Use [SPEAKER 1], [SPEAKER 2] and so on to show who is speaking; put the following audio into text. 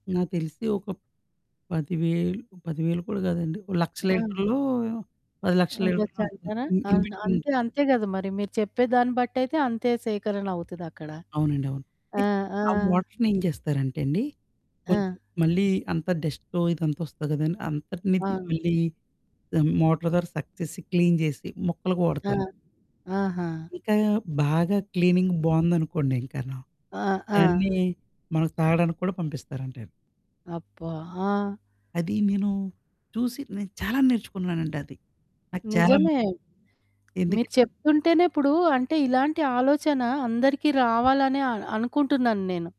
[SPEAKER 1] నాకు తెలిసి ఒక 10000, 10000 కూడా గాదండి. ఒక 100000
[SPEAKER 2] ఆ!
[SPEAKER 1] లీటర్లో, 1000000 లీటర్లు
[SPEAKER 2] ఉండొచ్చంటారా?
[SPEAKER 1] ఇన్
[SPEAKER 2] అవును.
[SPEAKER 1] ఇన్‌బిట్విన్ ఉంటది.
[SPEAKER 2] అంతే అంతే గద మరి మీరు చెప్పేదాన్ని బట్టయితే అంతే సేకరణ అవుతదక్కడ.
[SPEAKER 1] అవునండి. అవును.
[SPEAKER 2] ఆ!
[SPEAKER 1] అయితే
[SPEAKER 2] ఆ!
[SPEAKER 1] ఆ వాటర్నేం చేస్తారంటే అండి, కొంచెం
[SPEAKER 2] ఆ!
[SPEAKER 1] మళ్ళీ అంత డస్టొ ఇదంతా ఒస్తది కదండి! అంతటినిది
[SPEAKER 2] అవును.
[SPEAKER 1] మళ్ళీ మోటార్ ద్యారా సక్‌ చేసి క్లీన్ జేసి మొక్కలకి
[SPEAKER 2] ఆ!
[SPEAKER 1] వాడతాను.
[SPEAKER 2] ఆహా!
[SPEAKER 1] ఇంకా బాగా క్లీనింగ్ బావుందనుకోండి ఇంకాను.
[SPEAKER 2] ఆ! ఆ!
[SPEAKER 1] దాన్ని మనకు తాగడానికి కూడా పంపిస్తారంటేను.
[SPEAKER 2] అబ్బా! ఆ!
[SPEAKER 1] అదీ నేను చూసి నేను చాలా నేర్చుకున్నానండి అది. నాకు చాలా
[SPEAKER 2] నిజమే. మీరు
[SPEAKER 1] ఎందుకంటే?
[SPEAKER 2] చెప్తుంటేనే ఇప్పుడు అంటే ఇలాంటి ఆలోచన అందరికీ రావాలనే అ అనుకుంటున్నాను నేను.